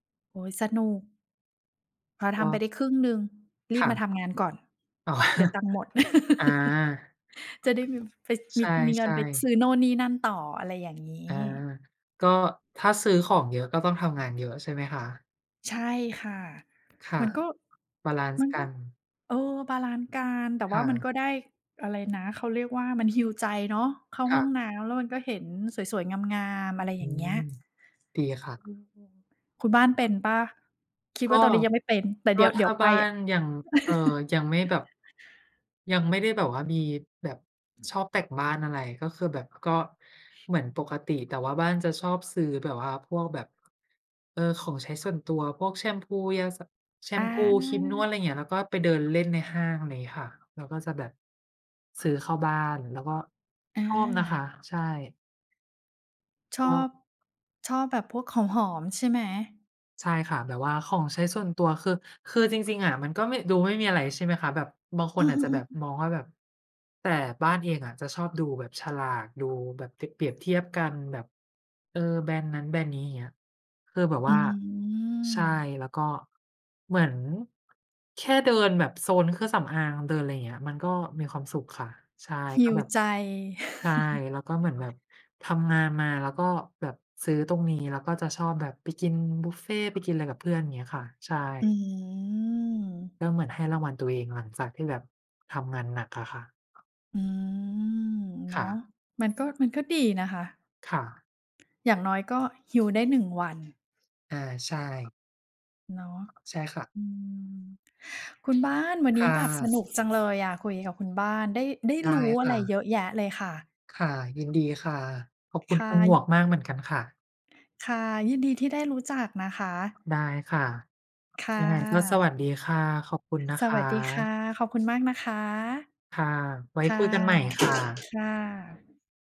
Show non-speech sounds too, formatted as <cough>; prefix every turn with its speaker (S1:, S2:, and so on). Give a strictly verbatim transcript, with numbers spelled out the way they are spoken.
S1: โอ๊ย สนุก พอท
S2: ก
S1: ำไป
S2: ็
S1: ได้ครึ่งหนึ่งรี
S2: ค
S1: บ
S2: ่
S1: มา
S2: ะ
S1: ทำงานก่อน
S2: อ๋อ
S1: เดี๋ยวตังค์หมด
S2: อา
S1: <chuckles> จะได้มี ไป
S2: ใ
S1: ม
S2: ช
S1: ี มีเงิน
S2: ่
S1: ซ
S2: ๆ
S1: ื้อไปโน่นนี่นั่นต่อ อะไร อย่างงี
S2: อา
S1: ้
S2: ก็ถ้าซื้อของเยอะ ก็ต้องทำงานเยอะใช่ไหมคะ?
S1: ใช่ค่ะ
S2: ค่
S1: ม
S2: ะ
S1: ันก็
S2: บาลันซ
S1: มั
S2: ์
S1: น
S2: ก
S1: ก็
S2: ัน
S1: เออ บาลันซ์กัน แต่
S2: ค
S1: ว่
S2: ่
S1: ามัน
S2: ะ
S1: ก็ได้อะไรนะ เขาเรียกว่า มัน heal ใจเนาะ เข้า
S2: ค
S1: ห
S2: ่
S1: ้อง
S2: ะ
S1: น้ำแล้วมันก็เห็นสวย ๆ งาม ๆ อะไร อย
S2: อ
S1: ่
S2: ื
S1: างเงี้ย
S2: ม ดีค่
S1: อื
S2: ะ
S1: ม คุณบ้านเป็นเปล่า คิด
S2: ก
S1: ว่
S2: ็
S1: าตอนนี้ยังไม่เป็น แต่
S2: ก
S1: เด
S2: ็
S1: ี๋ยว
S2: ถ
S1: เดี๋ย
S2: ้า
S1: วไป
S2: บ้า
S1: อะ
S2: น ยัง เอ่อ
S1: <chuckles>
S2: ยังไม่แบบ ยังไม่ได้แบบว่ามีแบบชอบแต่งบ้าน อะไร ก็คือแบบ ก็เหมือนปกติ แต่ว่าบ้านจะชอบซื้อแบบว่าพวกแบบ เออ ของใช้ส่วนตัว พวกแชมพู ยาสระ แช
S1: อ
S2: มพู ครีมนว
S1: า
S2: ด อะไรอย่างเงี้ย แล้วก็ไปเดินเล่นในห้าง อะไรเงี้ยค่ะ แล้วก็จะแบบซื้อเข้าบ้าน แล้วก็
S1: อ
S2: ชอบนะคะ
S1: า
S2: ใช่
S1: ช
S2: ก
S1: อ
S2: ็
S1: บ ชอบแบบพวกของหอมใช่ไหม?
S2: ใช่ค่ะ แบบว่าของใช้ส่วนตัว คือ คือจริง ๆ อะ มันก็ไม่ ดูไม่มีอะไร ใช่ไหมคะ แบบ บางค
S1: อื
S2: นอาจจะแบ
S1: ม
S2: บ
S1: ๆ ๆ
S2: มองว่าแบบ แต่บ้านเองอะจะชอบดูแบบ ฉลาก ดูแบบเปรียบ เปรียบเทียบกันแบบ เออ แบรนด์นั้นแบรนด์นี้ อย่างเงี้ย เพื่อแบบ
S1: อื
S2: ว่า ใช่
S1: ม
S2: แล้วก็เหมือน แค่เดินแบบโซนเครื่องสำอาง เดินอะไรอย่างเงี้ย มันก็มีความสุขค่ะ ใช่ ก็
S1: heal
S2: แบบ
S1: ใจ
S2: ใช่ แล้วก็เหมือนแบ
S1: <chuckles>
S2: บทำงานมา แล้วก็แบบซื้อตรงนี้ แล้วก็จะชอบแบบไปกินบุฟเฟต์ ไปกินอะไรกับเพื่อน อย่างเงี้ยค่ะ ใช่
S1: อืม
S2: ก็เหมือนให้รางวัลตัวเองหลังจากที่แบบ ทำงานหนักอะค่ะ
S1: อืม เน
S2: ค
S1: า
S2: ่
S1: ะ
S2: ะ
S1: มันก็ มันก็ดีนะคะ
S2: ค่ะ
S1: อย่างน้อยก็ heal ได้ หนึ่ง วัน
S2: อา ใช่
S1: เนาะ
S2: ใช่ค่ะ
S1: อืม คุณบ้าน วัน
S2: ค
S1: นี
S2: ่
S1: ้แบบส
S2: ะ
S1: นุกจังเลยอะ คุยกับคุณบ้าน ได้ ได้
S2: ได
S1: ร
S2: ้
S1: ู้อ
S2: ค
S1: ะไร
S2: ่
S1: เ
S2: ะ
S1: ยอะแยะเลยค่ะ
S2: ค่ะ ยินดีค่ะ ขอบค
S1: ค
S2: ุณ
S1: ่ะ
S2: คุณหมวก
S1: ย
S2: มากเหมือนกันค่ะ
S1: ค่ะ ยินดีที่ได้รู้จักนะคะ
S2: ได้ค่ะ
S1: ค่ะ
S2: ยังไงก็สวัสดีค่ะ ขอบคุณนะ
S1: ส
S2: ค
S1: วัสดีค่
S2: ะ
S1: ะ ขอบคุณมากนะคะ
S2: ค่ะ ไว้
S1: ค่ะ
S2: คุยกันใหม่ค่ะ
S1: ค่ะ